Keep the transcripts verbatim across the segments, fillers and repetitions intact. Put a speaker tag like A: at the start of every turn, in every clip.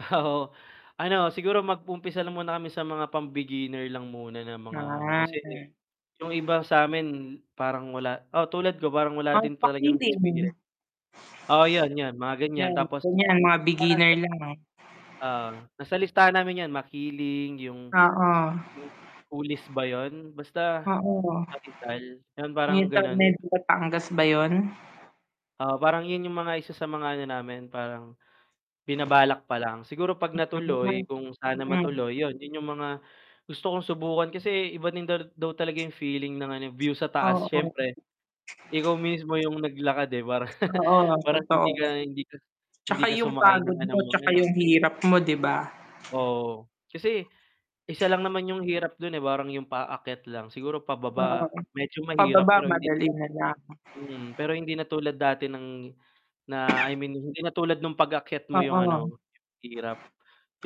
A: Ah, oo, ano siguro mag-umpisa lang muna kami sa mga pam-beginner lang muna na mga ano,
B: Ah.
A: kasi yung iba sa 'min parang wala oo tulad ko, parang wala
B: Mount
A: din talagang
B: Makiling.
A: experience. oo yun yun mga gan'yan,
B: 'Yan,
A: tapos
B: gan'yan mga beginner
A: [unintelligible]
B: lang.
A: Oo, nasa listahan namin 'yan, Makiling, yung
B: Oo.
A: [unintelligible] Kulis ba yun basta
B: Oo.
A: kapital, yun
B: 'Yung
A: parang
B: sa
A: gano'n.
B: may Batangas ba 'yun?
A: Oo, parang yun yung mga isa sa mga ano namin parang binabalak pa lang, siguro 'pag natuloy
B: Mm.
A: kung sana
B: Mm.
A: matuloy yun, yun yung mga gusto kong subukan kasi iba din daw daw talaga yung feeling ng ano view sa taas
B: Oo.
A: s'yempre. Ikaw mismo yung naglakad, eh, parang
B: Oo,
A: parang
B: totoo.
A: hindi ka hindi ka hindi
B: 'Tsaka
A: ka
B: yung
A: sumakay ng
B: pagod
A: ano,
B: mo,
A: mga
B: 'tsaka
A: ano.
B: yung hirap mo, 'di ba?
A: Oo, kasi isa lang naman yung hirap dun, eh, parang yung paakyat lang siguro
B: Oo,
A: pababa medyo mahirap
B: pababa
A: pero hindi na,
B: madali na lang.
A: mhm, pero hindi na tulad dati ng na I mean, hindi na tulad nung pag-akyat mo yung
B: Oo.
A: ano, yung hirap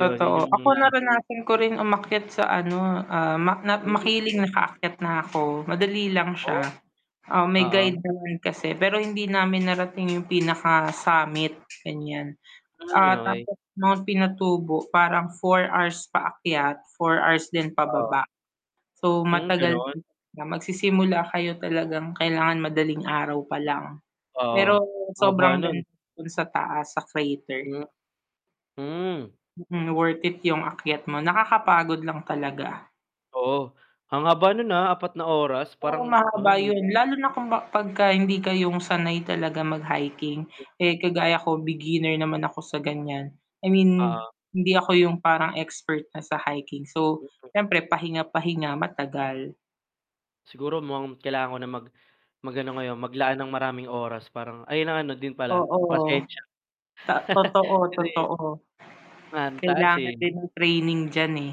A: yun, yun yung
B: ako
A: mga.
B: naranasan ko rin umakyat sa ano, ah, mak nat
A: Mm gano'n.
B: Makiling nakaakyat na ako, madali lang siya,
A: Oh.
B: ah, may
A: Oo.
B: guide naman kasi pero hindi namin narating yung pinaka summit, gan'yan,
A: Hmm,
B: ah,
A: okey.
B: tapos Mount Pinatubo parang four hours paakyat, four hours din
A: Oo.
B: pababa, so,
A: Hmm,
B: matagal
A: gano'n.
B: magsisimula kayo talagang kailangan madaling araw pa lang,
A: Oo,
B: pero
A: haba
B: sobrang
A: nun.
B: ganda dun sa taas sa crater.
A: Hmm. Hmm.
B: Mm, worth it yung ayat mo, nakakapagod lang talaga.
A: Oo. Ang haba no'n, ah, apat na oras
B: Oo,
A: parang,
B: mahaba yun
A: ay
B: lalo na kung ba 'pag ka hindi kayong sanay talaga mag hiking, eh, kagaya ko beginner naman ako sa gan'yan, I mean
A: Oo.
B: hindi ako yung parang expert na sa hiking, so,
A: Dito.
B: s'yempre pahinga-pahinga, matagal.
A: Siguro, mukhang kailangan ko na mag mag ano ngayon, maglaan ng maraming oras parang ay ng ano din pala,
B: Oo,
A: pasensya.
B: to totoo,
A: Kasi
B: totoo
A: Ang taas,
B: kailangan
A: eh.
B: din ng training d'yan, eh.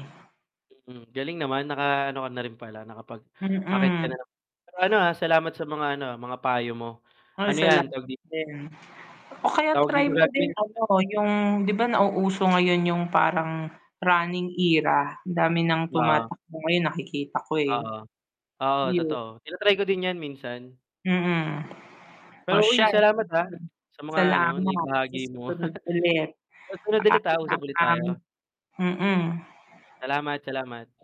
A: Mm, galing naman naka ano ka na rin pala nakapag-akyat ka
B: Mm.
A: na pero ano, ah, salamat sa mga ano mga payo mo,
B: Ay
A: ano
B: isa
A: 'yan
B: lang
A: tawag di
B: din, o kaya
A: Tawag
B: try
A: dito.
B: mo din
A: [unintelligible]
B: ano yung, 'di ba, nauuso ngayon yung parang running era, dami ng
A: Oo.
B: tumatakbo ngayon, nakikita ko, eh.
A: Oo, oo,
B: Yung
A: totoo, tina-try ko din 'yan, minsan.
B: Mm, o
A: Pero uy
B: siya
A: salamat ha,
B: sige,
A: sa mga ano
B: salamat, sa
A: naibahagi mo.
B: susunod ulit.
A: Sa sunod ulit, ah, usap ulit
B: Paalam.
A: tayo.
B: Mm.
A: Salamat, salamat.